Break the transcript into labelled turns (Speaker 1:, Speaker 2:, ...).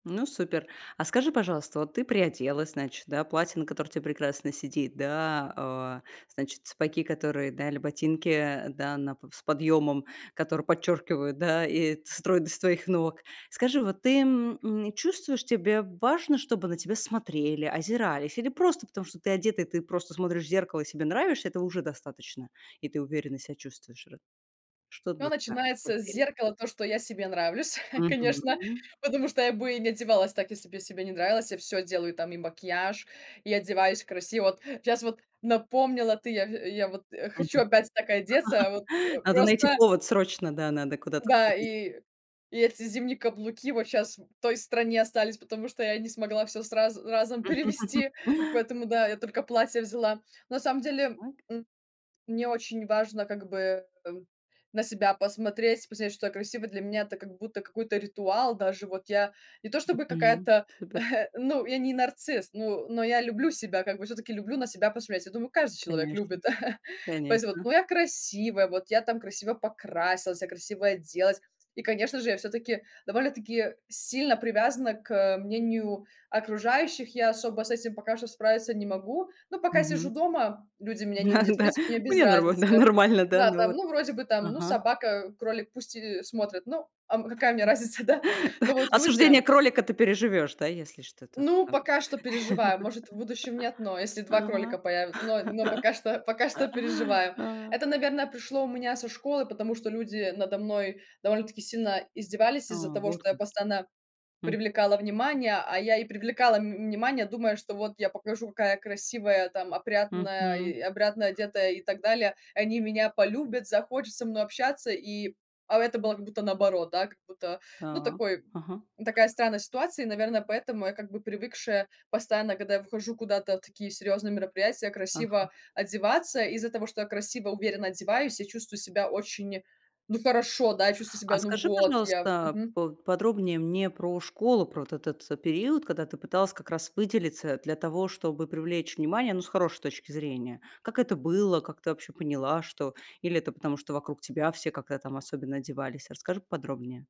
Speaker 1: Ну, супер. А скажи, пожалуйста, вот ты приоделась, значит, да, платье, которое на тебе прекрасно сидит, да, а значит, сапоги, которые, да, или ботинки, да, на п с подъемом, которые подчеркивают, да, и стройность твоих ног. Скажи, вот ты, м, м, чувствуешь, тебе важно, чтобы на тебя смотрели, озирались, или просто потому, что ты одета, и ты просто смотришь в зеркало и себе нравишься, этого уже достаточно, и ты уверенно себя чувствуешь ра Что для
Speaker 2: Всё
Speaker 1: тебя?
Speaker 2: начинается с
Speaker 1: [unintelligible]
Speaker 2: зеркала, то что я себе нравлюсь, конечно,
Speaker 1: Мгм.
Speaker 2: потому что я бы не одевалась так, если бы я себе не нравилась. Я всё делаю там: и макияж, и одеваюсь красиво. Вот сейчас вот напомнила ты, я в я вот
Speaker 1: Мгм.
Speaker 2: хочу опять так одеться, вот, э,
Speaker 1: Надо найти
Speaker 2: просто
Speaker 1: повод срочно. Да, надо куда-то
Speaker 2: Да,
Speaker 1: сходить.
Speaker 2: и и эти зимние каблуки вот сейчас в той стране остались, потому что я не смогла всё сразу разом перевезти, поэтому да, я только платье взяла. На самом деле,
Speaker 1: Так.
Speaker 2: м, мне очень важно как бы на себя посмотреть, посмотреть, что я красивая. Для меня это как будто какой-то ритуал, даже вот я не то чтобы
Speaker 1: Мгм.
Speaker 2: какая-то,
Speaker 1: Супер.
Speaker 2: ну, я не нарцисс, но но я люблю себя, как бы всё-таки люблю на себя посмотреть. Я думаю, каждый человек
Speaker 1: Конечно
Speaker 2: любит, поэтому,
Speaker 1: конечно.
Speaker 2: ну, я красивая, вот я там красиво покрасилась, я красивая оделась. И конечно же, я всё-таки довольно-таки сильно привязана к, э, мнению окружающих, я особо с этим пока что справиться не могу, но пока сижу
Speaker 1: Мгм.
Speaker 2: дома, люди меня не
Speaker 1: А,
Speaker 2: видят, в
Speaker 1: да.
Speaker 2: принципе, мне без
Speaker 1: Мне нормально
Speaker 2: разницы.
Speaker 1: нормально, да,
Speaker 2: Да
Speaker 1: ну
Speaker 2: там.
Speaker 1: вот.
Speaker 2: Ну, вроде бы там, ну,
Speaker 1: Ага.
Speaker 2: собака, кролик, пусть и смотрят. Ну, а, м, а какая мне разница, да? Но вот
Speaker 1: Осуждение
Speaker 2: люди
Speaker 1: кролика ты переживешь, да, если что-то
Speaker 2: Ну,
Speaker 1: там?
Speaker 2: пока что переживаю, может, в будущем нет, но если 2 кролика появя но но пока что, пока
Speaker 1: Ага,
Speaker 2: что переживаю.
Speaker 1: а.
Speaker 2: Это, наверное, пришло у меня со школы, потому что люди надо мной довольно-таки сильно издевались
Speaker 1: А.
Speaker 2: из-за того,
Speaker 1: Вот
Speaker 2: что я
Speaker 1: как.
Speaker 2: постоянно
Speaker 1: М.
Speaker 2: привлекала внимание. А я и привлекала, м, внимание, думая, что вот я покажу, какая я красивая там
Speaker 1: Мгм. Все четко и
Speaker 2: опрятная
Speaker 1: корректно.
Speaker 2: и опрятно одетая, и так далее. Они меня полюбят, захотят со мной общаться, и а это было как будто наоборот, да, как будто, ну,
Speaker 1: Так.
Speaker 2: такой
Speaker 1: Ага.
Speaker 2: такая странная ситуация, и, наверное, поэтому я как бы привыкшая постоянно, когда я выхожу куда-то в такие серьёзные мероприятия,
Speaker 1: Ага.
Speaker 2: красиво одеваться. И из-за того, что я красиво, уверенно одеваюсь, я чувствую себя очень, ну, хорошо, да, чувствую
Speaker 1: А
Speaker 2: себя, ну,
Speaker 1: скажи,
Speaker 2: вот я
Speaker 1: пожалуйста,
Speaker 2: Мгм.
Speaker 1: поподробнее мне про школу, про вот этот, э, период, когда ты пыталась как раз выделиться для того, чтобы привлечь внимание, ну, с хорошей точки зрения. Как это было? Как ты вообще поняла, что Или это потому, что вокруг тебя все как-то там особенно одевались? Расскажи поподробнее.